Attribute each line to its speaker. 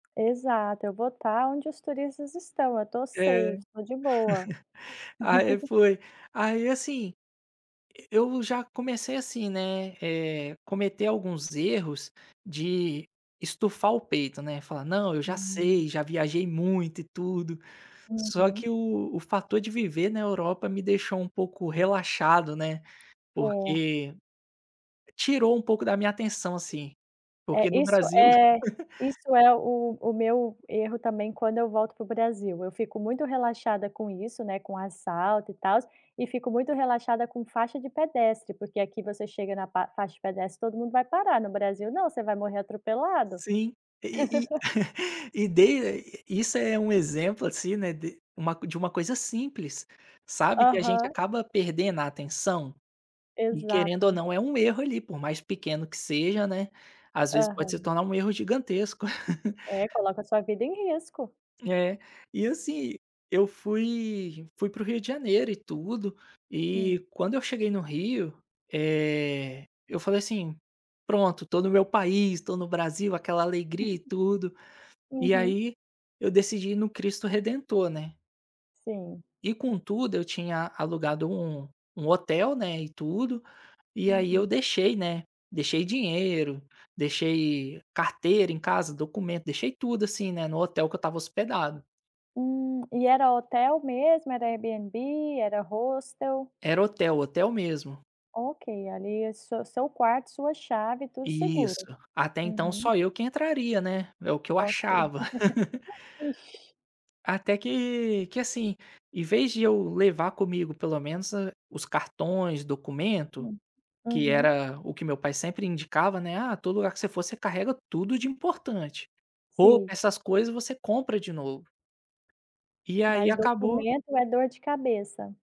Speaker 1: Exato, eu vou tá onde os turistas estão. Eu tô
Speaker 2: É.
Speaker 1: safe tô de boa.
Speaker 2: Aí foi aí assim, e e já comecei assim, né, eh, cometer alguns erros de estufar o peito, né. Falar: "Não, eu já
Speaker 1: Hum.
Speaker 2: sei, já viajei muito e tudo." Só
Speaker 1: Uhum.
Speaker 2: que o o fator de viver na Europa me deixou um pouco relaxado, né,
Speaker 1: É.
Speaker 2: porque tirou um pouco da minha atenção, assim.
Speaker 1: É,
Speaker 2: Porque, no
Speaker 1: isso
Speaker 2: Brasil
Speaker 1: é isso é o o meu erro, também, quando eu volto para o Brasil. Eu fico muito relaxada com isso, né, com assalto e tal, e fico muito relaxada com faixa de pedestre porque aqui, você chega na pa faixa de pedestre, todo mundo vai parar, no Brasil não, você vai morrer atropelado.
Speaker 2: Sim, e e e e dei isso é um exemplo assim, né, de de uma de uma coisa simples, sabe, que a gente
Speaker 1: Aham.
Speaker 2: acaba perdendo a atenção? E querendo ou
Speaker 1: Exato.
Speaker 2: não, é um erro ali, por mais pequeno que seja, né, às vezes pode se
Speaker 1: Aham.
Speaker 2: tornar um erro gigantesco.
Speaker 1: É, coloca a sua vida em risco.
Speaker 2: É, e assim, eu fui fui para o Rio de Janeiro e tudo,
Speaker 1: Hum.
Speaker 2: e quando eu cheguei no Rio, eh, eu falei assim: "Pronto, tô no meu país, estou no Brasil." Aquela alegria e tudo, e
Speaker 1: Uhum.
Speaker 2: aí, eu decidi ir no Cristo Redentor, né.
Speaker 1: Sim.
Speaker 2: E, com tudo, eu tinha alugado um um hotel, né, e tudo. E aí eu
Speaker 1: Uhum.
Speaker 2: deixei, né, deixei dinheiro, deixei carteira em casa, documento, deixei tudo assim, né, no hotel que eu estava hospedado.
Speaker 1: Hum, e era hotel mesmo? Era Airbnb, era hostel?
Speaker 2: Era hotel, hotel mesmo.
Speaker 1: Ok, ali é su seu quarto, sua chave, tudo
Speaker 2: Isso,
Speaker 1: seguro.
Speaker 2: até então,
Speaker 1: Uhum.
Speaker 2: só eu que entraria, né? É o que eu
Speaker 1: Ok.
Speaker 2: achava.
Speaker 1: Ixi.
Speaker 2: Até que que assim, em vez de eu levar comigo pelo menos os cartões, documento,
Speaker 1: Hum.
Speaker 2: que
Speaker 1: Uhum.
Speaker 2: era o que meu pai sempre indicava, né, "Ah, todo lugar que você for você carrega tudo de importante", ou
Speaker 1: Sim.
Speaker 2: essas coisas você compra de novo. E aí,
Speaker 1: Mas
Speaker 2: acabou
Speaker 1: documento é dor de cabeça.